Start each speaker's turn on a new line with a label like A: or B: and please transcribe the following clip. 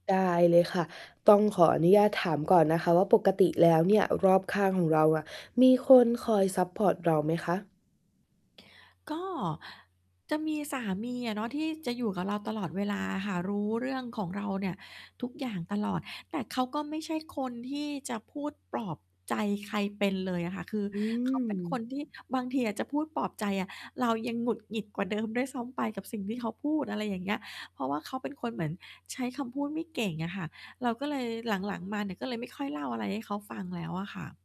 A: ได้เลยค่ะ ต้องขออนุญาตถามก่อนนะคะว่า ปกติแล้วเนี่ยรอบข้างของเราอะ มีคนคอยซัปพอร์ตเราไหมคะ?
B: ก็จะมีสามีอะเนาะ ที่จะอยู่กับเราตลอดเวลาค่ะ รู้เรื่องของเราเนี่ยทุกอย่างตลอด แต่เขาก็ไม่ใช่คนที่จะพูดปลอบใจใครเป็นเลยอะค่ะ คือ
A: อื
B: เขาเป็นค
A: ม
B: นที่บางทีอะ จะพูดปลอบใจอะ เรายังหงุดหงิดกว่า เดิม ด้วยซ้ำไปกับสิ่งที่เขาพูด อะไรอย่างเงี้ย เพราะว่าเขาเป็นคนเหมือนใช้คำพูดไม่เก่งอะค่ะ เราก็เลยหลัง ๆ มาเนี่ย ก็เลยไม่ค่อยเล่าอะไรให้เขาฟังแล้วอะค่ะ